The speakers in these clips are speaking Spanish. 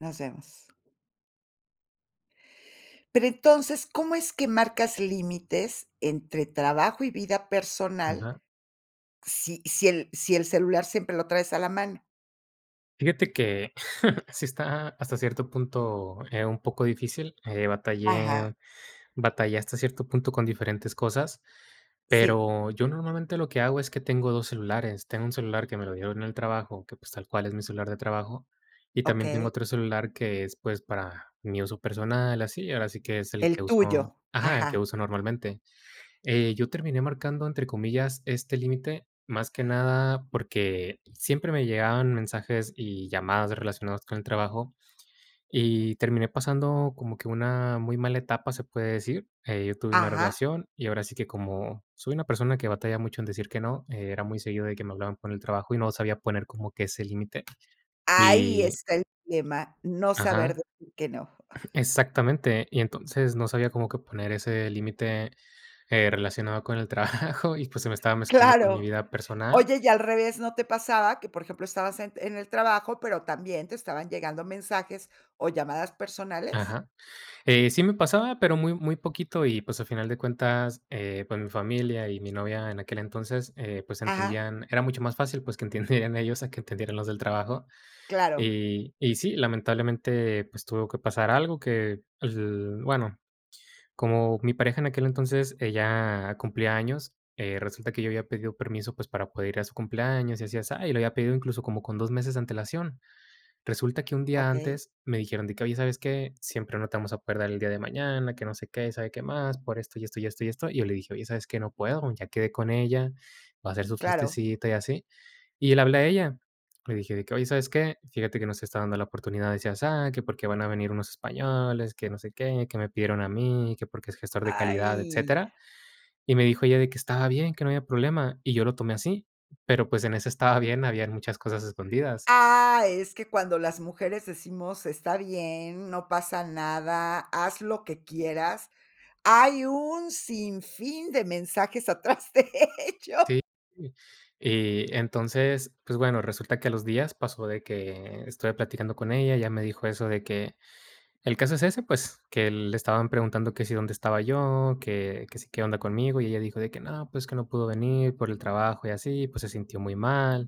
Nos vemos. Pero entonces, ¿cómo es que marcas límites entre trabajo y vida personal, Ajá. si si el si el celular siempre lo traes a la mano? Fíjate que sí está hasta cierto punto, eh, un poco difícil, eh, Ajá. batallé batallé hasta cierto punto con diferentes cosas, Sí. pero, yo normalmente, lo que hago es que tengo 2 celulares. Tengo 1 celular que me lo dieron en el trabajo, que pues, tal cual es mi celular de trabajo, y también tengo Okey. otro celular que es, pues, para mi uso personal, así, ahora sí que es el que El uso tuyo, Ajá, el que ajá. uso normalmente, eh, yo terminé marcando, entre comillas, este límite, más que nada porque siempre me llegaban mensajes y llamadas de relacionadas con el trabajo, y terminé pasando como que una muy mala etapa, se puede decir, eh, yo tuve una Ajá. relación, y ahora sí que como soy una persona que batalla mucho en decir que no, era muy seguido de que me hablaban por el trabajo, y no sabía poner como que ese límite, Ahí y está el tema, no saber Ajá. decir que no. Exactamente. Y entonces, no sabía como que poner ese límite, eh, relacionado con el trabajo y, pues, se me estaba mezclando con mi Claro. vida personal. Oye, y al revés, ¿no te pasaba que, por ejemplo, estabas en en el trabajo, pero también te estaban llegando mensajes o llamadas personales? Ajá, eh, sí me pasaba, pero, muy, muy poquito y, pues, a final de cuentas, eh, pues, mi familia y mi novia en aquel entonces, eh, pues, Ajá. entendían era mucho más fácil, pues, que entendieran ellos a que entendieran los del trabajo. Claro. Y y sí, lamentablemente, pues, tuvo que pasar algo que, l bueno, como mi pareja en aquel entonces, ella cumplía años, eh, resulta que yo había pedido permiso, pues, para poder ir a su cumpleaños y así, asá, y, lo había pedido incluso como con 2 meses de antelación. Resulta que un día Okey. antes me dijeron de que: "Oye, ¿sabes qué?, siempre no te vamos a poder dar el día de mañana, que no sé qué, y sabe qué más, por esto, y esto, y esto, y esto". Y yo le dije: "Oye, ¿sabes qué?, no puedo, ya quedé con ella, va a hacer su Claro. fiestecita y así". Y le hablé a ella. Le dije, de que: "Oye, ¿sabes qué?, fíjate que no se está dando la oportunidad de así, asá, que porque van a venir unos españoles, que no sé qué, que me pidieron a mí, que porque es gestor de calidad, ¡Ay! etcétera". Y me dijo ella, de que estaba bien, que no había problema, y yo lo tomé así. Pero, pues, en ese estaba bien, habían muchas cosas escondidas. Ah, es que cuando las mujeres decimos: "Está bien, no pasa nada, haz lo que quieras". Hay un sinfín de mensajes atrás de ello. Sí, sí, y entonces, pues bueno, resulta que a los días pasó de que estuve platicando con ella. Ella me dijo eso de que el caso es ese, pues, que le estaban preguntando que si dónde estaba yo, que que si, qué onda conmigo, y, ella dijo de que: "No, pues que no pudo venir por el trabajo y así, pues, se sintió muy mal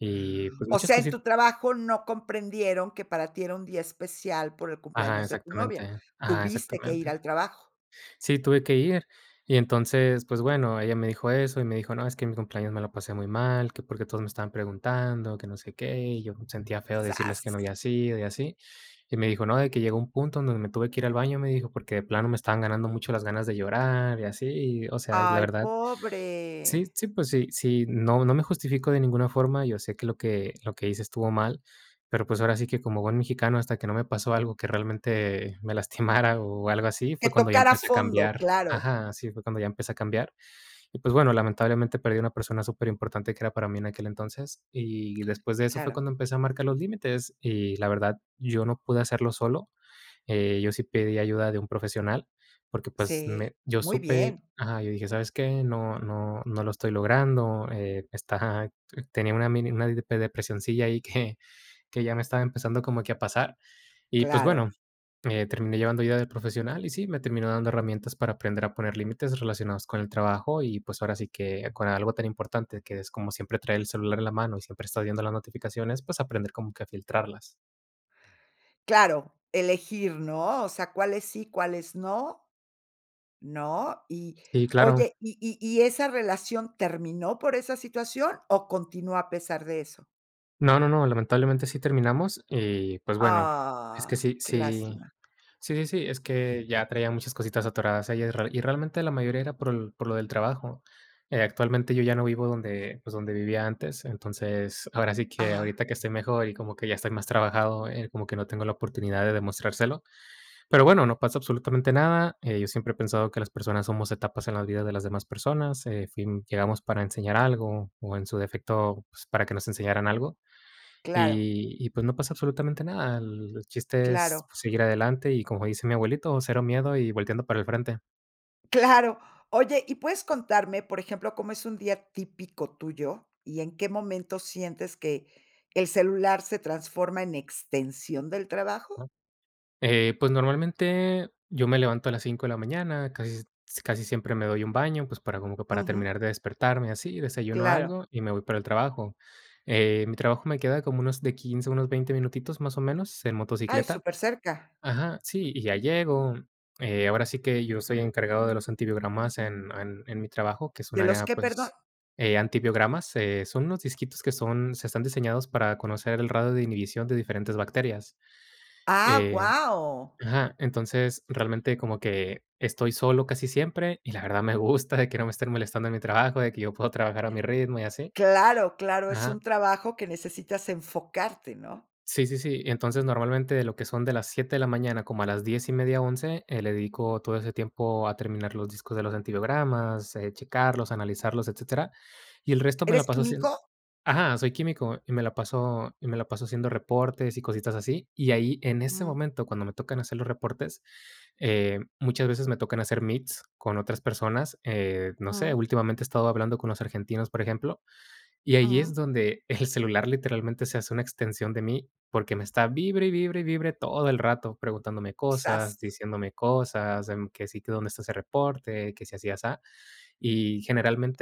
y pues O muchas sea, en cosit" tu trabajo no comprendieron que para ti era un día especial por el Ajá, cumpleaños de tu novia. exactamente. Ajá, Tuviste que ir exactamente. al trabajo. Sí, tuve que ir. Y entonces, pues bueno, ella me dijo eso, y me dijo: "No, es que mi cumpleaños me lo pasé muy mal, que porque todos me estaban preguntando, que no sé qué. Y yo sentía feo decirles que no Zas. habías ido y así". Y me dijo: "No, de que llegó un punto donde me tuve que ir al baño", me dijo: "Porque de plano me estaban ganando mucho las ganas de llorar y así". Y, o sea, es la ¡Ay, verdad, sí pobre! sí, pues sí sí, no, no me justificó de ninguna forma, yo sé que lo que lo que hice estuvo mal, pero, pues, ahora sí que como buen mexicano hasta que no me pasó algo que realmente, me lastimara, o, algo así, ¡Que fue cuando ya tocara empecé a fondo, cambiar. claro! Ajá, sí, fue cuando ya empecé a cambiar. Y pues bueno, lamentablemente, perdí una persona superimportante, que era para mí en aquel entonces. Y después de eso fue Claro. cuando empecé a marcar los límites, y la verdad, yo no pude hacerlo solo, eh, yo sí pedí ayuda de un profesional, porque pues, Sí, me yo ¡muy supe bien! Ajá, yo dije: "¿Sabes qué?, no no no lo estoy logrando, eh, esta" Ajá, tenía una mini una depi depresioncilla ahí, que que ya me estaba empezando como que a pasar, y, pues, Claro. bueno, eh, terminé llevando ayuda de profesional, y, sí me terminó dando herramientas para aprender a poner límites relacionados con el trabajo, y, pues, ahora sí que con algo tan importante, que es como siempre traer el celular en la mano, y siempre estás viendo las notificaciones, pues, aprender como que a filtrarlas. Claro, elegir, ¿no? O sea, cuáles sí, cuáles no. ¿No? Y Sí, claro. oye, y y y esa relación terminó por esa situación, ¿o, continúa a pesar de eso? No, no, no, lamentablemente sí terminamos, y, pues, bueno, es que Ah, sí qué sí lástima. sí, sí, sí, es que ya traía muchas cositas atoradas ahí. Y y realmente la mayoría era por por lo del trabajo. Eh, actualmente, yo ya no vivo donde, pues, donde vivía antes. Entonces, ahora sí que Ajá. ahorita que estoy mejor, y como que ya estoy más trabajado, eh, como que no tengo la oportunidad de demostrárselo. Pero, bueno, no pasa absolutamente nada. Eh, yo siempre he pensado que las personas somos etapas en la vida de las demás personas. En fin, llegamos para enseñar algo, o, en su defecto, pues, para que nos enseñaran algo. Claro. Y y pues, no pasa absolutamente nada. El chiste es, Claro. pues, seguir adelante y, como dice mi abuelito: "Cero miedo y volteando para el frente". Claro. Oye, ¿y puedes contarme, por ejemplo, cómo es un día típico tuyo? ¿Y en qué momento sientes que el celular se transforma en extensión del trabajo? Ajá. Eh, pues, normalmente yo me levanto a las 5 de la mañana, casi s casi siempre me doy un baño, pues, para, como que para Ujú. terminar de despertarme así, desayuno Claro. algo y me voy para el trabajo. Eh, mi trabajo me queda como, unos de 15, unos 20 minutitos, más o menos, en Ay, motocicleta. súper cerca. Ajá, sí, y ya llego, eh, ahora sí que, yo soy encargado de los antibiogramas en en mi trabajo, que es un ¿De los área, qué, perdón? pues, eh, antibiogramas, eh, son unos disquitos que son, se están diseñados para conocer el radio de inhibición de diferentes bacterias. ¡Ah, Eh, guau! ajá, entonces, realmente como que estoy solo casi siempre, y la verdad, me gusta de que no me estén molestando en mi trabajo, de que yo puedo trabajar a mi ritmo y así. Claro, claro, es Ajá. un trabajo que necesitas enfocarte, ¿no? Sí, sí, sí. Y, entonces, normalmente, de lo que son de las 7 de la mañana, como a las 10 1/2, 11. Le dedico todo ese tiempo a terminar los discos de los antibiogramas, eh, checarlos, analizarlos, etcétera. Y el resto me la ¿Eres paso hacien químico? Ajá, soy químico, y me la paso y me la paso haciendo reportes y cositas así. Y ahí, en ese Mm. momento, cuando me tocan hacer los reportes, eh, muchas veces me tocan hacer meets con otras personas. Eh, no sé, Ujú. últimamente he estado hablando con los argentinos, por ejemplo, y ahí es Ujú. donde el celular literalmente se hace una extensión de mí, porque me está vibre, y vibre, y vibre todo el rato. Preguntándome Zas. cosas, diciéndome cosas, de, mm, que si tu dónde está ese reporte, que si así, asá. Y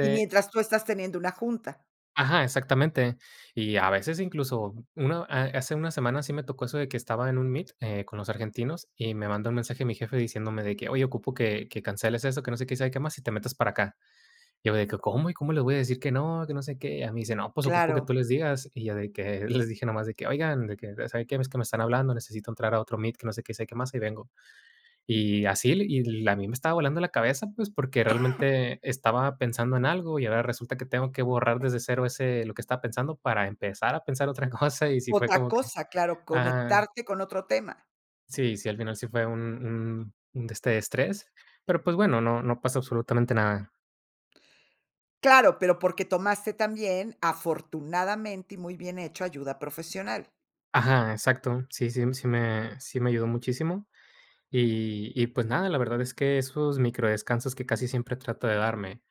¿Y mientras, tú estás teniendo una junta? Ajá, exactamente. Y a veces, incluso, una a hace 1 semana sí me tocó eso de que estaba en un meet, eh, con los argentinos, y me manda un mensaje mi jefe diciéndome de que: "Oye ocupo que que canceles eso, que no sé qué, y sabe que más, y te metas para acá". Y yo de que: "¿Cómo? ¿Y cómo les voy a decir que no? Que no sé qué". Y ya me dice: "No, pues ocupo que Claro. tú les digas", y ya de que les dije, nomás de que: "Oigan, de que, ¿saben qué? Es que me están hablando, necesito entrar a otro meet, que no sé qué, sabe qué más, hay vengo". Y así, l y l a mí me estaba volando la cabeza, pues, porque realmente estaba pensando en algo y ahora resulta, que tengo que borrar desde cero, ese lo que estaba pensando para empezar a pensar otra cosa. Y sí fue Otra como que cosa, claro, ajá. conectarte con otro tema. Sí, sí, al final sí fue un un un de este estrés, pero, pues, bueno, no no pasa absolutamente nada. Claro, pero porque tomaste también, afortunadamente, y muy bien hecho ayuda profesional. Ajá, exacto. Sí, sí, sí me sí me ayudó muchísimo, y y pues, nada, la verdad es que esos micro descansos que casi siempre trato de darme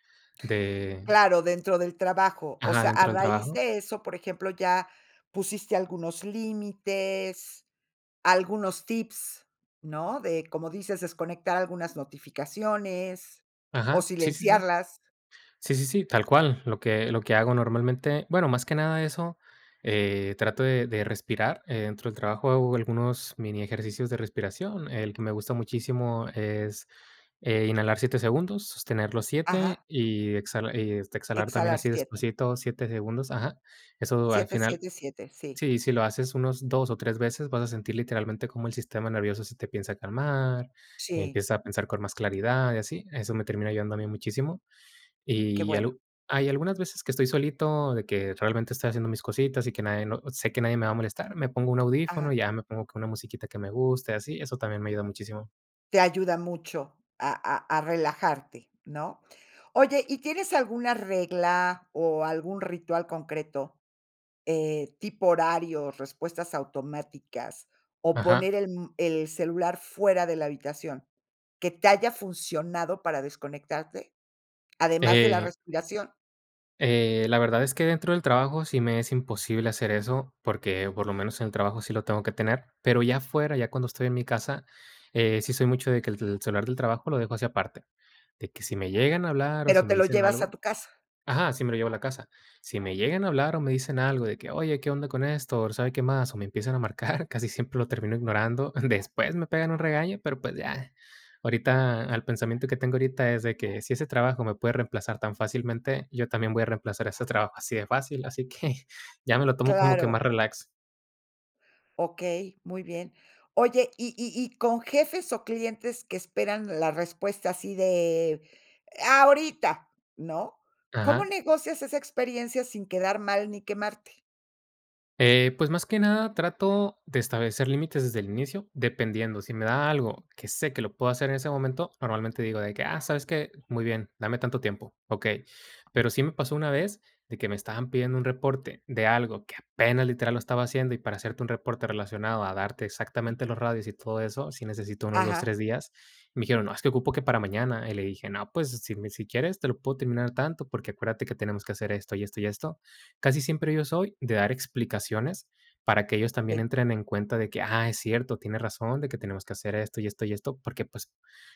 de Claro, dentro del trabajo. O Ajá, sea, a dentro del raíz trabajo. de eso, por ejemplo, ya pusiste algunos límites, algunos tips, ¿no?, de, como dices, desconectar algunas notificaciones o Ajá, sí, sí, sí. silenciarlas. Sí, sí, sí, tal cual, lo que lo que hago normalmente, bueno, más que nada eso, eh, trato de de respirar, eh, dentro del trabajo hago algunos mini ejercicios de respiración, el que me gusta muchísimo es, eh, inhalar 7 segundos, sostener los 7 Ajá. y exhala y este, exhalar también Exhalar así 7. despacito 7 segundos. Ajá. Eso al siete, final siete, siete, sí. sí, si lo haces unos 2 o 3 veces, vas a sentir literalmente, como el sistema nervioso se te empieza a calmar, Sí. empieza a pensar con más claridad y así. Eso me termina ayudando a mí muchísimo. Qué Y bueno. algo hay algunas veces que estoy solito, de que realmente, estoy haciendo mis cositas y que nadie no sé que nadie me va a molestar, me pongo un Ajá. audífono, y ya me pongo con una musiquita que me guste, así, eso también me ayuda muchísimo. Te ayuda mucho a a a relajarte, ¿no? Oye, ¿y tienes alguna regla, o, algún ritual concreto? Eh, ¿tipo horarios, respuestas automáticas, o, Ajá. poner el, mm, el celular fuera de la habitación, que te haya funcionado para desconectarte, además de la Eh respiración? eh, la verdad es que dentro del trabajo sí me es imposible hacer eso, porque por lo menos en el trabajo sí lo tengo que tener, pero ya afuera, ya cuando estoy en mi casa, eh, sí soy mucho de que el tel celular del trabajo lo dejo así aparte, de que si me llegan a hablar, o, Pero si te me lo dicen llevas a algo tu casa. Ajá, sí me lo llevo a la casa. Si me llegan a hablar, o, me dicen algo de que: "Oye, qué onda con esto, o sabe qué más", o me empiezan a marcar, casi siempre lo termino ignorando. Después me pegan un regaño, pero, pues ya. Ahorita, al pensamiento que tengo ahorita es de que si ese trabajo me puede reemplazar tan fácilmente, yo también voy a reemplazar ese trabajo así de fácil, así que ya me lo tomo como que más Claro. relax. Okey, muy bien. Oye, y y y con jefes, o, clientes que esperan la respuesta así de e ¡ahorita!, ¿no? ¿Cómo Ajá. negocias esa experiencia sin quedar mal, ni quemarte? Eh, pues, más que nada, trato de establecer límites desde el inicio, dependiendo. Si me da algo que sé que lo puedo hacer en ese momento, normalmente digo de que: "Ah, ¿sabes qué? Muy bien, dame tanto tiempo, okey". Pero sí me pasó una vez de que me estaban pidiendo un reporte de algo que apenas literal lo estaba haciendo, y para hacerte un reporte relacionado a darte exactamente los radios y todo eso, sí necesito unos 2, Ajá. 3 días. Me dijeron: "No, es que ocupo que para mañana". Y le dije: "No, pues si me si quieres te lo puedo terminar tanto, porque acuérdate que tenemos que hacer esto, y esto, y esto". Casi siempre yo soy de dar explicaciones, para que ellos también Sí. entren en cuenta de que: "Ah, es cierto, tienes razón de que tenemos que hacer esto, y esto, y esto". Porque, pues,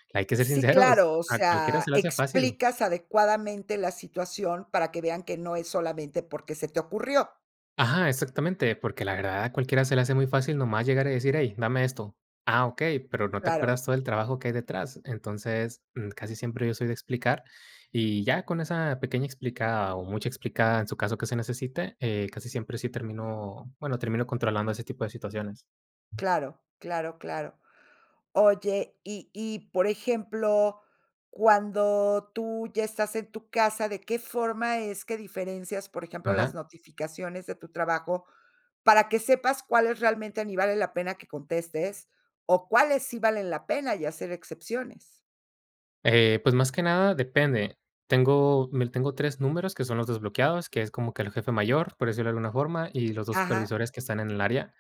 que hay que ser Sí, sinceros, claro, o a cualquiera sea, se le hace fácil. explicas adecuadamente la situación para que vean que no es solamente porque se te ocurrió. Ajá, exactamente, porque la verdad a cualquiera se le hace muy fácil, nomás llegar, y decir: "Hey, dame esto". Ah, okey, pero, ¿no te Claro. acuerdas, todo el trabajo que hay detrás? Entonces, mm, casi siempre yo soy de explicar, y ya con esa pequeña explicada, o, mucha explicada en su caso que se necesite, eh, casi siempre sí termino, bueno, termino controlando ese tipo de situaciones. Claro, claro, claro. Oye, y y por ejemplo, cuando tú ya estás en tu casa, ¿de qué forma es que diferencias, por ejemplo, las Ajá. notificaciones de tu trabajo, para que sepas cuáles realmente ni vale la pena que contestes, o, cuáles sí valen la pena, y hacer excepciones? Eh, pues, más que nada, depende. Tengo m l tengo 3 números que son los desbloqueados, que es como que el jefe mayor, por decirlo de alguna forma, y los 2 Ajá. supervisores que están en el área,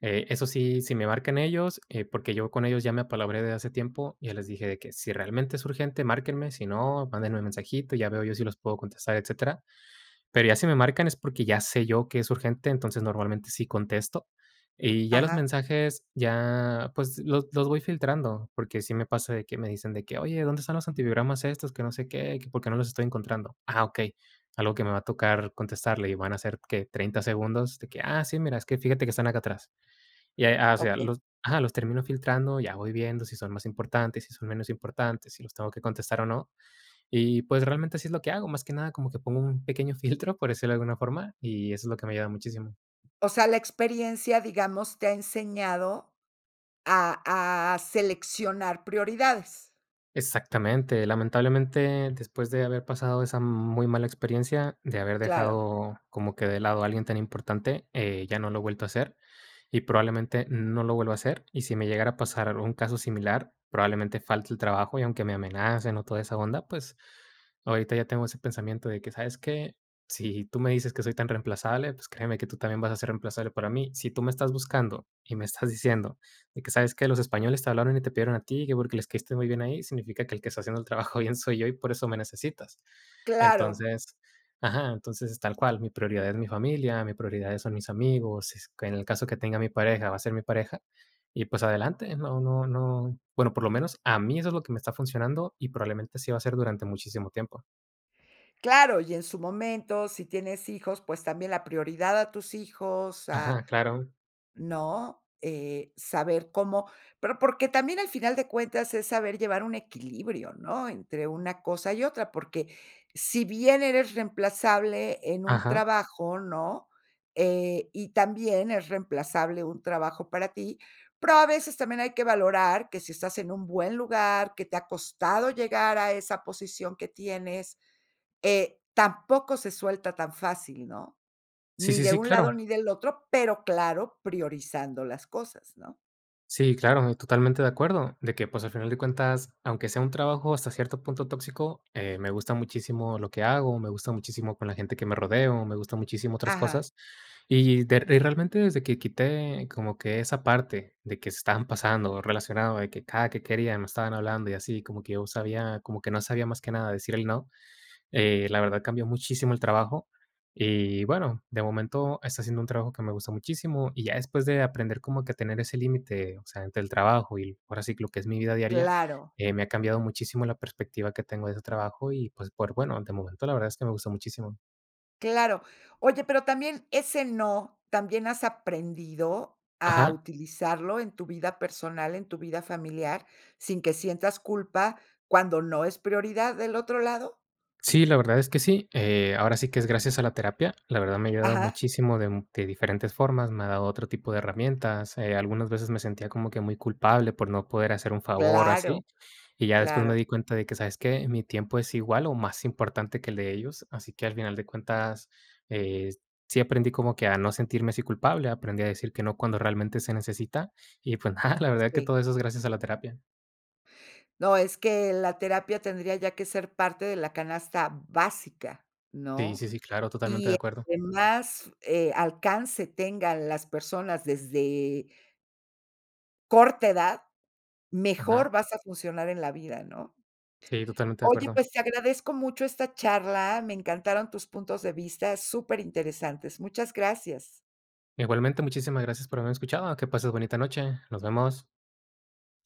eh, esos sí, si me marcan ellos, eh, porque yo con ellos ya me apalabré de hace tiempo, ya les dije de que: "Si realmente es urgente, márquenme, si no, mándenme el mensajito y ya veo yo si los puedo contestar, etcétera". Pero, ya si me marcan es porque ya sé yo que es urgente, entonces, normalmente sí contesto, y ya los Ajá. mensajes ya, pues, los los voy filtrando, porque sí me pasa de que, me dicen de que: "Oye, ¿dónde están los antibiogramas estos?, que no sé qué, y que por qué no los estoy encontrando". Ah, okey. Algo que me va a tocar contestarle y van a ser, ¿qué?, 30 segundos de que: "Ah, sí, mira, es que fíjate que están acá atrás." Y, eh, a o sea, Okey. los Ajá, los termino filtrando, ya voy viendo si son más importantes, si son menos importantes, si los tengo que contestar o no. Y pues, realmente así es lo que hago, más que nada como que pongo un pequeño filtro, por decirlo de alguna forma, y eso es lo que me ha ayudado muchísimo. O sea, la experiencia, digamos, te ha enseñado a a seleccionar prioridades. Exactamente, lamentablemente, después de haber pasado esa muy mala experiencia, de haber Claro. dejado como que de lado a alguien tan importante, eh, ya no lo he vuelto a hacer, y probablemente, no lo vuelva a hacer, y si me llegara a pasar algún caso similar, probablemente falte al trabajo, y aunque me amenacen o toda esa onda, pues, ahorita ya tengo ese pensamiento de que: "¿Sabes qué?, si tú me dices que soy tan reemplazable, pues créeme que tú también vas a ser reemplazable para mí. Si tú me estás buscando, y me estás diciendo de que, '¿Sabes qué? Los españoles te hablaron y te pidieron a ti, que porque les caíste muy bien a ellos', significa que el que está haciendo el trabajo bien soy yo, y por eso me necesitas". ¡Claro! Entonces, ajá, entonces, tal cual, mi prioridad es mi familia, mi prioridad son mis amigos, s en el caso que tenga mi pareja, va a ser mi pareja, y pues adelante, no no no, bueno, por lo menos a mí eso es lo que me está funcionando, y probablemente, así va a ser durante muchísimo tiempo. Claro, y en su momento, si tienes hijos, pues, también la prioridad a tus hijos, a, Ajá, claro. ¿no? Eh, saber cómo pero porque también al final de cuentas, es saber llevar un equilibrio, ¿no? Entre una cosa y otra, porque si bien eres reemplazable en un Ajá. trabajo, ¿no? Eh, y también es reemplazable un trabajo para ti, pero a veces también hay que valorar que si estás en un buen lugar, que te ha costado llegar a esa posición que tienes, eh, tampoco se suelta tan fácil, ¿no? Sí, Ni sí, de sí, un lado, claro. ni del otro, pero claro, priorizando las cosas, ¿no? Sí, claro, y totalmente de acuerdo de que, pues, al final de cuentas, aunque sea un trabajo hasta cierto punto tóxico, eh, me gusta muchísimo lo que hago, me gusta muchísimo con la gente que me rodeo, me gusta muchísimo otras Ajá. cosas. Y de eh, realmente desde que quité como que esa parte, de que se estaban pasando, o relacionado de que cada que quería me estaban hablando, y así, como que yo sabía, como que no sabía más que nada decir el no. Eh, la verdad, cambió muchísimo el trabajo y, bueno, de momento está siendo un trabajo que me gusta muchísimo. Y ya después de aprender como que a tener ese límite, o sea, entre el trabajo y, ahora sí, lo que es mi vida diaria, Claro. eh, me ha cambiado muchísimo la perspectiva que tengo de ese trabajo y, pues, por bueno, de momento la verdad es que me gusta muchísimo. Claro. Oye, pero también ese no, ¿también has aprendido a Ajá. utilizarlo en tu vida personal, en tu vida familiar, sin que sientas culpa, cuando no es prioridad del otro lado? Sí, la verdad es que sí. Eh, ahora sí que es gracias a la terapia. La verdad, me ha ayudado Ajá. muchísimo de de diferentes formas, me ha dado otro tipo de herramientas. Eh, algunas veces me sentía como que muy culpable por no poder hacer un favor o Claro. así. Y ya después me Claro. di cuenta de que, ¿sabes qué?, mi tiempo es igual o más importante que el de ellos. Así que, al final de cuentas, eh, sí aprendí como que a no sentirme así culpable, aprendí a decir que no cuando realmente se necesita. Y, pues, nada, la verdad que Sí. todo eso es gracias a la terapia. No, es que la terapia tendría ya que ser parte de la canasta básica, Sí, ¿no? sí, sí, claro, totalmente de Y acuerdo. entre más, eh, alcance tengan las personas desde corta edad, Ajá. mejor vas a funcionar en la vida, ¿no? Sí, totalmente de Oye, acuerdo. pues te agradezco mucho esta charla, me encantaron tus puntos de vista, súper interesantes. Muchas gracias. Igualmente, muchísimas gracias por haberme escuchado. Ah, que pases bonita noche. Nos vemos.